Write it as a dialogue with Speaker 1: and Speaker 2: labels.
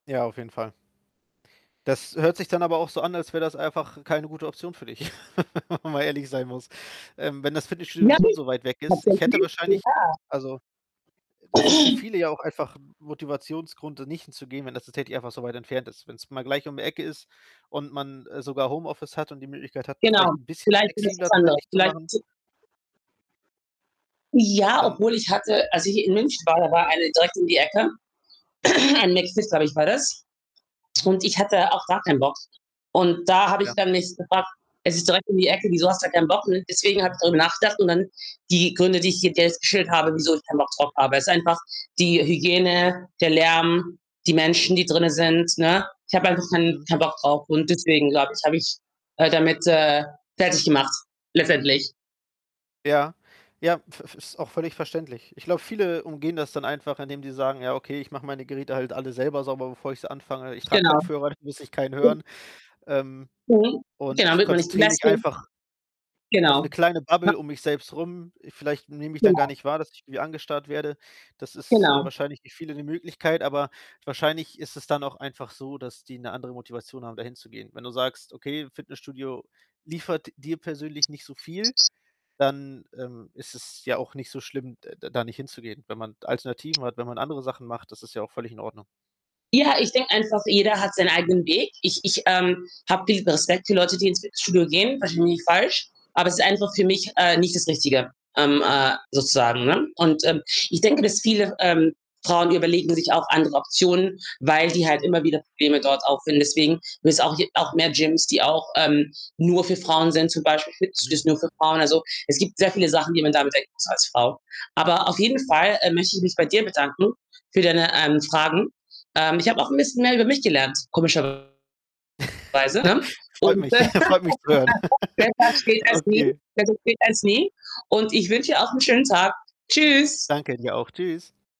Speaker 1: Ja, auf jeden Fall. Das hört sich dann aber auch so an, als wäre das einfach keine gute Option für dich. Wenn man ehrlich sein muss. Ähm, wenn das Fitnessstudio sowieso
Speaker 2: [unintelligible]
Speaker 1: so weit weg
Speaker 2: Hat
Speaker 1: ist
Speaker 2: sie
Speaker 1: ich hätte
Speaker 2: erzählt. [unintelligible]
Speaker 1: wahrscheinlich also, e es ist für viele ja auch einfach 'n Motivationsgrund, da nicht hinzugehen, wenn das tatsächlich einfach so weit entfernt ist. Wenn's mal gleich um die Ecke ist und man, äh, sogar Homeoffice hat und die Möglichkeit hat,
Speaker 2: Genau.
Speaker 1: vielleicht 'n bisschen
Speaker 2: Vielleicht [unintelligible]
Speaker 1: flexibler
Speaker 2: andere.
Speaker 1: zeitlich zu
Speaker 2: Vielleicht
Speaker 1: machen
Speaker 2: zu Ja,
Speaker 1: dann
Speaker 2: obwohl ich hatte als ich in München war, da war eine direkt um die Ecke. Ein McFIT, glaube ich, war das
Speaker 1: Mhm.
Speaker 2: und ich hatte auch gar keinen Bock und da habe ich
Speaker 1: Ja.
Speaker 2: dann mich gefragt: „Es ist direkt um die Ecke, wieso hast du keinen Bock?“, ne? Deswegen habe ich darüber nachgedacht und dann die Gründe, die ich dir jetzt geschildert habe, wieso ich keinen Bock drauf habe ist einfach die Hygiene, der Lärm, die Menschen, die drinnen sind, ne? Ich habe einfach kein
Speaker 1: Mhm.
Speaker 2: keinen Bock drauf und deswegen, glaube ich, habe ich, äh, damit, äh, fertig gemacht letztendlich.
Speaker 1: Ja. Ja, v v ist auch völlig verständlich. Ich glaube, viele umgehen das dann einfach, indem die sagen: „Ja, okay, ich mache meine Geräte halt alle selber sauber, bevor ich sie anfange. Ich trage
Speaker 2: Genau.
Speaker 1: Kopfhörer, da muss ich keinen
Speaker 2: Und
Speaker 1: hören. Ähm,
Speaker 2: Mhm.
Speaker 1: und
Speaker 2: Genau,
Speaker 1: ich
Speaker 2: damit man nicht so
Speaker 1: konzentriere
Speaker 2: nass
Speaker 1: mich
Speaker 2: wird.
Speaker 1: einfach“ „auf 'ne
Speaker 2: Genau.
Speaker 1: kleine
Speaker 2: [unintelligible]
Speaker 1: Bubble um mich selbst rum.“ Vielleicht nehme ich dann gar
Speaker 2: Genau.
Speaker 1: nicht wahr, dass ich irgendwie angestarrt werde. Das ist, äh,
Speaker 2: Genau.
Speaker 1: wahrscheinlich für viele 'ne Möglichkeit, aber wahrscheinlich ist es dann auch einfach so, dass die 'ne andere Motivation haben, da hinzugehen. Wenn du sagst: „Okay, Fitnessstudio liefert dir persönlich nicht so viel.“, dann, ähm, ist es ja auch nicht so schlimm, de d da nicht hinzugehen. Wenn man Alternativen hat, wenn man andere Sachen macht, das ist ja auch völlig in Ordnung.
Speaker 2: Ja, ich denke einfach, jeder hat seinen eigenen Weg. Ich ich, ähm, habe viel Respekt für Leute, die ins Fitnessstudio gehen, versteh mich nicht falsch. Aber es ist einfach für mich, äh, nicht das Richtige, ähm, äh, sozusagen, ne, und, ähm, ich denke, dass viele, ähm, Frauen, die überlegen sich auch andere Optionen, weil die halt immer wieder Probleme dort auffinden. Deswegen [unintelligible] es auch j auch mehr Gyms, die auch, ähm, nur für Frauen sind, zum Beispiel
Speaker 1: Mhm.
Speaker 2: Fitnessstudios nur für Frauen. Also, es gibt sehr viele Sachen, die man da bedenken muss als Frau. Aber auf jeden Fall, äh, möchte ich mich bei dir bedanken für deine, ähm, Fragen. Ähm, ich habe auch 'n bisschen mehr über mich gelernt, komischerweise, ne?
Speaker 1: Freut mich.
Speaker 2: [unintelligible]
Speaker 1: Freut mich zu hören.
Speaker 2: besser spät als nie,
Speaker 1: Okay.
Speaker 2: besser spät als nie und ich wünsche dir auch 'n schönen Tag. Tschüss.
Speaker 1: Danke dir auch. Tschüss.